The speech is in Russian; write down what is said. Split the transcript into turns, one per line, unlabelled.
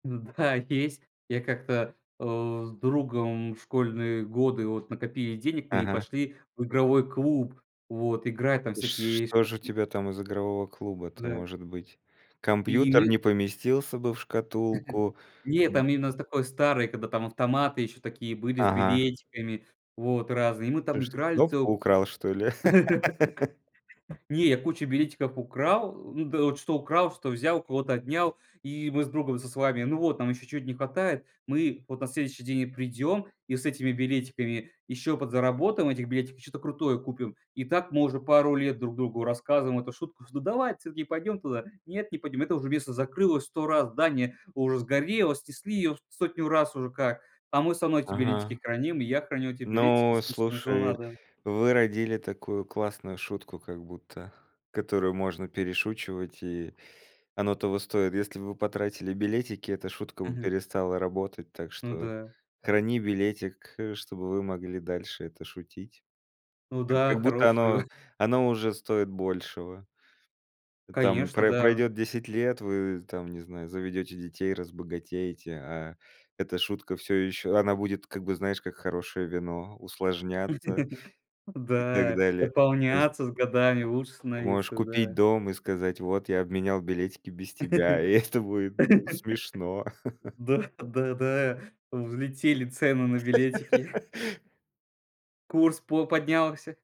Да, есть. Я как-то, э, с другом в школьные годы, вот, накопили денег мы и
Ага.
пошли в игровой клуб, вот, играть там
Сш
всякие ш
что же у тебя там из игрового клуба-то
Да.
может быть?
И у
Компьютер
ни
не поместился бы в шкатулку?
Не, там именно у нас такое старое, когда там автоматы ещё такие были с
Ага.
билетиками, вот, разные. И мы
Ты
там
что,
играли
кнопку
целую
украл,
куч
что ли?
Не, я кучу билетиков украл. Ну, эт что украл, что взял, у кого-то отнял, и мы с друг со с вами. Ну вот, нам еще чё-то не хватает. Мы вот на следующий день и придем и с этими билетиками еще подзаработаем этих билетиков, чё-то крутое купим. И так мы уже пару лет друг другу рассказываем эту шутку, что: "Давай вот всё-таки пойдем туда". "Нет, не пойдем, это уже место закрылось 100 раз, здание уже сгорело, снесли ее 100 раз уже как, а мы всё равно эти
Ага.
билетики храним, и я храню эти билетики
Ну,
с".
слушай,
[unintelligible]
вы родили такую классную шутку, как будто, которую можно перешучивать, и оно того стоит. Если бы вы потратили билетики, эта шутка бы
Мгм.
перестала работать, так
Ну
что
да.
храни билетик, э, чтобы вы могли дальше это шутить. Как
Да,
как будто
хорошую.
оно оно уже стоит большего. Там
Конечно,
про
да.
пройдёт 10 лет, вы там, не знаю, заведёте детей, разбогатеете, а эта шутка всё ещё она будет как бы, знаешь, как хорошее вино, усложняться и так
Да.
далее. То есть
Дополняться с годами, лучше
Ты можешь
становиться.
купить
Да.
дом и сказать: "Вот, я обменял билетики без тебя". И это будет, ну, смешно.
Да, да, да, э, влетели цены на билетики. Курс по поднялся.